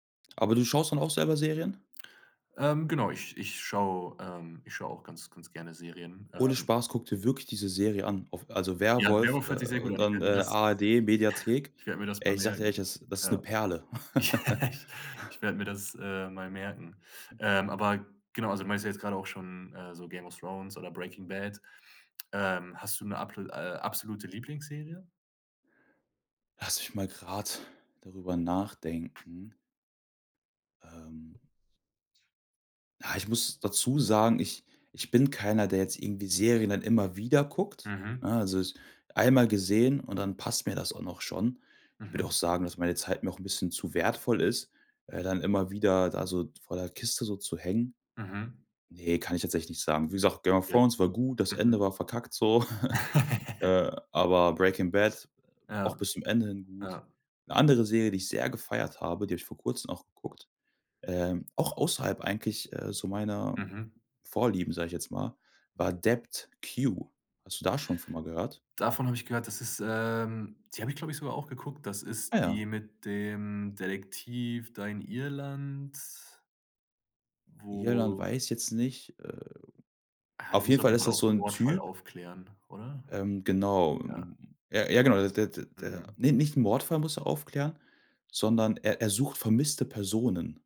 Aber du schaust dann auch selber Serien? Ähm, genau, ich ich schau, ähm ich schau auch ganz ganz gerne Serien. Ohne Ähm Spaß, guck dir wirklich diese Serie an auf also Ja, „Werwolf“, „Werwolf“ äh, hört sich sehr gut und an. Ich dann, werd mir äh, das ARD Mediathek. ich werd mir das Ey, mal ich sag dir ehrlich, merken. das das ist 'ne Ja. Perle. Ich werde mir das, äh, mal merken. Ähm, aber genau, also du meinst ja jetzt gerade auch schon, äh, so „Game of Thrones“ oder „Breaking Bad“. Ähm, hast du 'ne ablo äh, absolute Lieblingsserie? Lass mich mal grad darüber nachdenken. Ähm. Ah, ich muss dazu sagen, ich ich bin keiner, der jetzt irgendwie Serien dann immer wieder guckt, Mhm. ne? Also es einmal gesehen und dann passt mir das auch noch schon. Ich würde auch Mhm. sagen, dass meine Zeit mir auch 'n bisschen zu wertvoll ist, äh, dann immer wieder da so vor der Kiste so zu hängen. Mhm. Ne, kann ich jetzt echt nicht sagen. Wie gesagt, „Game of Ja. Thrones“ war gut, das Mhm. Ende war verkackt so, äh, aber „Breaking Bad“ Ja. auch bis zum Ende hin gut. Ja. 'Ne andere Serie, die ich sehr gefeiert habe, die hab ich vor Kurzem auch geguckt, ähm, auch außerhalb eigentlich, äh, so meiner Mhm. Vorlieben, sage ich jetzt mal, war „Dept. Q.“ Hast du da von schon schon mal gehört? Davon habe ich gehört, das ist, ähm die habe ich, glaube ich, sogar auch geguckt, das Ah ist ja. die mit dem Detektiv da in Irland? Irland Wo weiß jetzt nicht, äh Ah, die Auf muss jeden auf Fall jeden ist Fall das auch so so 'nen 'n Mordfall Typ aufklären, oder? Ähm, genau. Ja. Ja, ja, genau. Der der der Mhm. ne, nicht 'n Mordfall muss er aufklären, sondern er er sucht vermisste Personen.